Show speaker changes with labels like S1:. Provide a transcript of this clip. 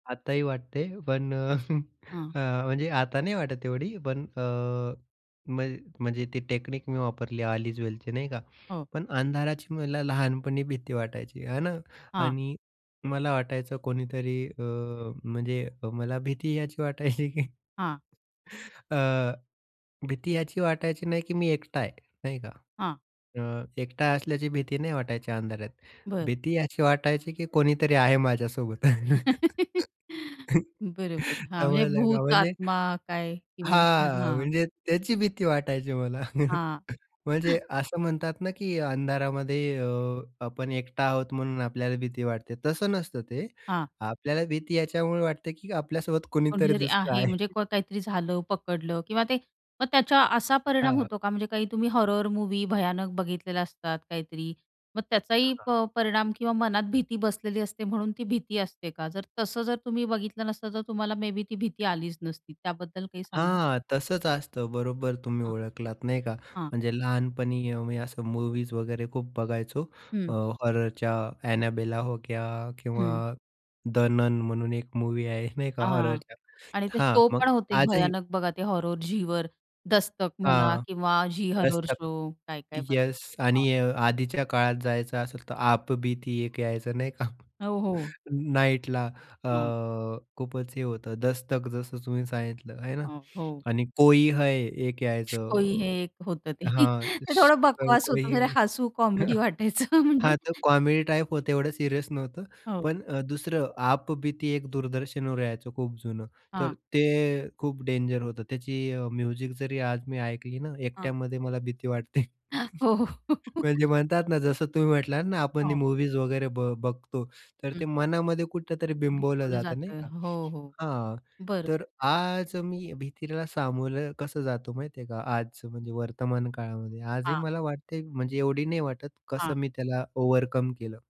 S1: आताही वाटते, पण
S2: हां.
S1: अ, म्हणजे आता नाही वाटत एवढी, पण अ, म्हण म्हणजे ती टेकनिक मी वापरली, ऑल इज वेलची नाही का,
S2: हो.
S1: पण अंधाराची मला लहानपणी भीती वाटायची, हे ना.
S2: हां.
S1: आणि मला वाटायचं कोणीतरी अ, म्हणजे मला भीती यायची वाटायची की
S2: हां.
S1: अ, भीती याची वाटायची नाही, की मी एकटा आहे, नाही का.
S2: हां.
S1: अ, एकटा असल्याची भीती नाही वाटायची अंधारात.
S2: बरं.
S1: भीती अशी वाटायची, की कोणीतरी आहे माझ्यासोबत.
S2: बरोबर. हां, म्हणजे
S1: समजलं का?
S2: भूत,
S1: म्हणजे
S2: आत्मा काय [unintelligible]
S1: हां,
S2: हां.
S1: म्हणजे त्याची भीती वाटायची मला.
S2: हां.
S1: म्हणजे असं म्हणतात ना, की अंधारामध्ये अ, आपण एकटा आहोत म्हणून आपल्याला भीती वाटते, तसं नसतं ते.
S2: हां.
S1: आपल्याला भीती याच्यामुळे वाटते, की आपल्यासोबत कुणीतरी
S2: कोणीतरी
S1: दुसरं
S2: आहे,
S1: आहे.
S2: म्हणजे काहीतरी झालं पकडलं किंवा ते मग त्याचा असा परिणाम
S1: हां.
S2: होतो का? म्हणजे काही तुम्ही हॉरर मूव्ही भयानक बघितलेलं असतात. काहीतरी, मग त्याचाही अ,
S1: हां.
S2: प परिणाम किंवा मनात भीती बसलेली असते. म्हणून ती भीती असते का? जर तसं जर तुम्ही बघितलं नसतं तर तुम्हाला मेबी ती भीती आलीच नसती त्याबद्दल काही सांगाल?
S1: हां, तसंच असतं, बरोबर तुम्ही
S2: हां.
S1: ओळखलात, नाही का.
S2: हां.
S1: म्हणजे लहानपणी अ, मी असं मूव्हीज वगैरे खूप बघायचो,
S2: हं.
S1: अ, हॉररच्या एनाबेला होक्या किंवा
S2: हं.
S1: द नन म्हणून एक मूव्ही आहे, नाही का,
S2: हां.
S1: हॉररच्या
S2: आणि ते
S1: हां,
S2: शो
S1: मग
S2: पण होते
S1: आजही
S2: भयानक बघा ते हॉरर झीवर दस्तक म्हणा
S1: हां.
S2: किंवा झी हॉरर
S1: दस्तक.
S2: शो काय, काय
S1: येस.
S2: हां.
S1: आणि आधीच्या काळात जायचं असेल तर, आप बीती एक यायचं नाही का?
S2: हो, हो.
S1: नाईटला अ,
S2: हो.
S1: खूपच हे होतं, दस्तक जसं तुम्ही सांगितलं हे
S2: अ,
S1: ना.
S2: हो.
S1: आणि कोई है, एक
S2: श कोई है,
S1: यायचं
S2: हे एक होतं ते.
S1: हां.
S2: ते
S1: श,
S2: थोडं बकवास
S1: कोई
S2: होतं. म्हणजे
S1: है.
S2: हसू कॉमेडी वाटायचं म्हणजे
S1: हां, तर कॉमेडी टाइप होतं एवढं सीरियस नव्हतं,
S2: हो.
S1: पण अ, दुसरं आप बीती एक दूरदर्शनवर यायचं खूप जुनं.
S2: हां.
S1: तर ते खूप डेंजर होतं, त्याची अ, म्युझिक जरी आज मी ऐकली ना,
S2: हां.
S1: एकट्यामध्ये मला भीती वाटते.
S2: हो, हो.
S1: म्हणजे म्हणतात ना जसं तुम्ही म्हटलात ना, आपण हे
S2: हो.
S1: मूव्हीज वगैरे बघ बघतो, तर
S2: हं.
S1: ते मनामध्ये कुठेतरी बिंबवलं
S2: बिंबवलं
S1: जातं, नाही
S2: जातं.
S1: का.
S2: हो, हो.
S1: हां, तर
S2: बरोबर.
S1: आज मी भीतीला सामोर कसं जातो माहिती आहे का, आजचं म्हणजे वर्तमान काळामध्ये, आजही
S2: हां.
S1: मला वाटते, म्हणजे एवढी नाही वाटत
S2: हां.
S1: कसं मी त्याला ओव्हरकम केलं